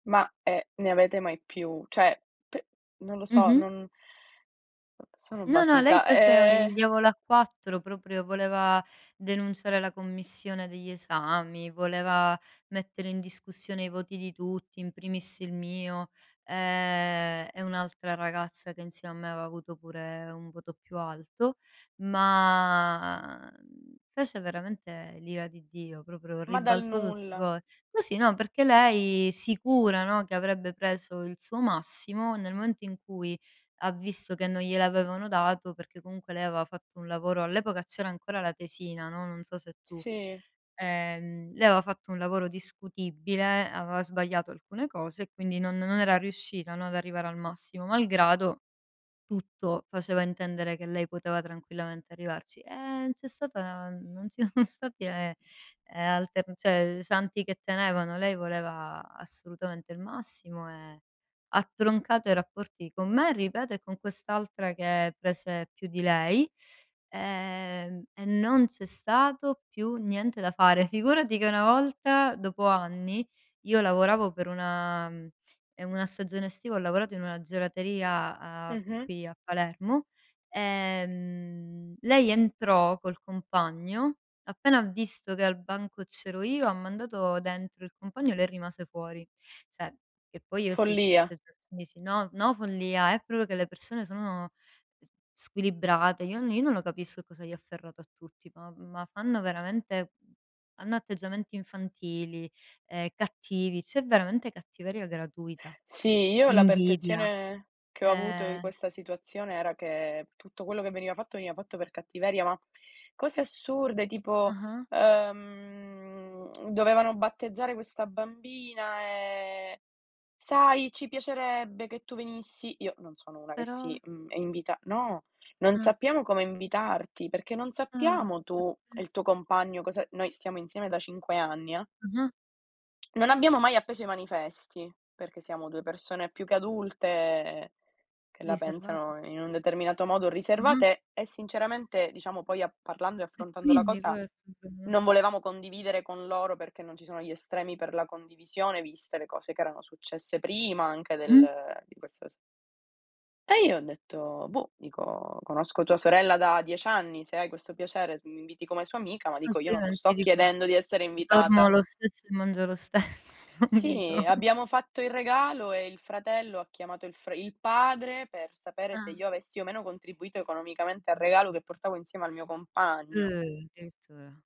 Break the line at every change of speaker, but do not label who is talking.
Ma eh ne avete mai più Cioè, p non lo so,
Mh-mh.
non Sono
No, no, lei
basita.
faceva il
Eh
diavolo a quattro proprio, voleva denunciare la commissione degli esami, voleva mettere in discussione i voti di tutti, in primis il mio, ehm, e un'altra ragazza che insieme a me aveva avuto pure un voto più alto, ma fece veramente l'ira di Dio, proprio
Ma dal
ribaltò tutte
nulla.
co così, no, perché lei sicura, no, che avrebbe preso il suo massimo, nel momento in cui ha visto che non gliel'avevano dato, perché comunque lei aveva fatto un lavoro all'epoca c'era ancora la tesina, no, non so se tu
Sì.
ehm, lei aveva fatto un lavoro discutibile, aveva sbagliato alcune cose e quindi non non era riuscita, no, ad arrivare al massimo, malgrado tutto faceva intendere che lei poteva tranquillamente arrivarci. E c'è stata n non ci sono stati eh alter cioè santi che tenevano. Lei voleva assolutamente il massimo e ha troncato i rapporti con me, ripeto, e con quest'altra che prese più di lei, ehm, e non c'è stato più niente da fare. Figurati che una volta, dopo anni, io lavoravo per una ehm, una stagione estiva, ho lavorato in una gelateria, a
Mh-mh.
qui a Palermo, ehm, lei entrò col compagno, appena ha visto che al banco c'ero io, ha mandato dentro il compagno e lei rimase fuori. Cioè, che poi io si
Follia.
[unintelligible] si, no, no follia, è proprio che le persone sono squilibrate. Io n io non lo capisco cosa gli ha afferrato a tutti, ma ma fanno veramente hanno atteggiamenti infantili, ehm, cattivi, c'è veramente cattiveria gratuita.
Sì, io la
Invidia.
percezione che ho avuto di
Ehm
questa situazione era che tutto quello che veniva fatto veniva fatto per cattiveria, ma cose assurde tipo,
Ah-ah.
ehm, dovevano battezzare questa bambina e: "Sai, ci piacerebbe che tu venissi!". Io non sono una che si,
Però
mhmm, invita. No: "Non
Ah.
sappiamo come invitarti perché non
Ah
sappiamo tu e
[unintelligible]
il tuo compagno cosa" noi stiamo insieme da 5 anni eh.
Mh-mh.
Non abbiamo mai appeso i manifesti perché siamo 2 persone più che adulte, che la
Riservata.
pensano in un determinato modo,
Mh-mh.
riservate, e sinceramente diciamo poi a parlando e
E
affrontando la
quindi?
cosa
Qual è il problema.
non volevamo condividere con loro, perché non ci sono gli estremi per la condivisione, viste le cose che erano successe prima anche
Mh-mh.
del di questa s E io ho detto: "Boh" dico, "conosco tua sorella da 10 anni, se hai questo piacere, se mi inviti come sua amica" ma dico io non lo sto
Altrimenti dico,
chiedendo di essere
dormo
invitata.
lo stesso e mangio lo stesso, dico.
Sì, abbiamo fatto il regalo e il fratello ha chiamato il fr il padre per sapere se
Ah.
io avessi o meno contribuito economicamente al regalo, che portavo insieme al mio compagno.
Eh addirittura.